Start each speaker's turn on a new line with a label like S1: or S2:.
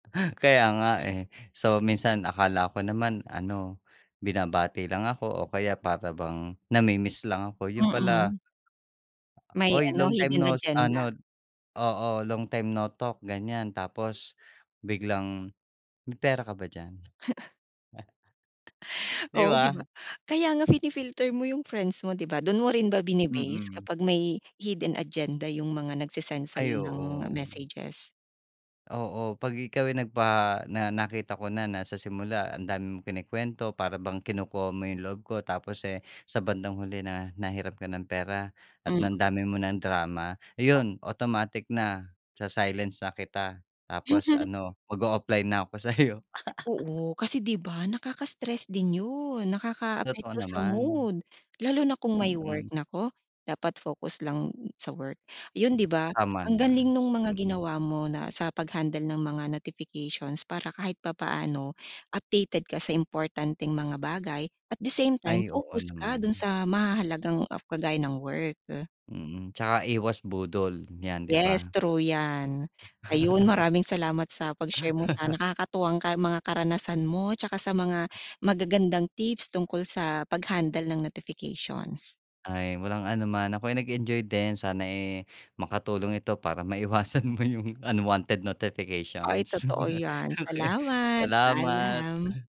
S1: Kaya nga eh. So, minsan akala ko naman ano, binabati lang ako o kaya para bang namimiss lang ako, yun pala
S2: Mm. May
S1: "oy,
S2: ano,
S1: long time
S2: hidden
S1: no s-"
S2: agenda.
S1: ano oo, "long time, no talk," ganyan, tapos, biglang, "May pera ka ba diyan?" 'Di
S2: Oo, 'di ba?
S1: ba?
S2: Kaya nga fini-filter mo yung friends mo, 'di ba? Do'n mo rin ba bine-base,
S1: Mm.
S2: kapag may hidden agenda yung mga nagse-send sa'yo
S1: Ay,
S2: ng,
S1: oo.
S2: messages?
S1: Oo, 'pag ikaw ay nagpaha na nakita ko na, na sa simula ang dami mong kinukwento, para bang kinukuha mo yung loob ko, tapos eh, sa bandang huli na nahiram ka ng pera at na ang
S2: Mm.
S1: dami mo ng drama,
S2: Oh.
S1: iyon, automatic na, sa-silence na kita, tapos ano, mag-o-offline na 'ko sa'yo.
S2: Oo, kasi 'di ba, nakaka-stress din 'yon,
S1: Totoo
S2: nakakaapekto sa
S1: naman.
S2: mood, lalo na kung may work.
S1: Mm.
S2: Naku, dapat focus lang sa work, 'yon
S1: Hmm,
S2: 'di ba?
S1: tama
S2: Ang
S1: naman,
S2: galing no'ng mga
S1: mm.
S2: ginawa mo na sa pag-handle ng mga notifications para kahit papaano, updated ka sa importanteng mga bagay, at the same time,
S1: Ay, oo
S2: focus ka
S1: naman.
S2: do'n sa mahahalagang af kagaya ng work.
S1: Mm, tsaka iwas budol yan, 'di
S2: Yes,
S1: ba?
S2: true 'yan. Ayun, maraming salamat sa pag-share mo sa nakakatuwang ka mga karanasan mo, tsaka sa mga magagandang tips tungkol sa pag-handle ng notifications.
S1: Ay, walang anuman. Ako'y nag-enjoy din, sana eh, makatulong ito para maiwasan mo yung unwanted
S2: Ay,
S1: notifications.
S2: totoo 'yan,
S1: Okey.
S2: salamat,
S1: Salamat.
S2: paalam.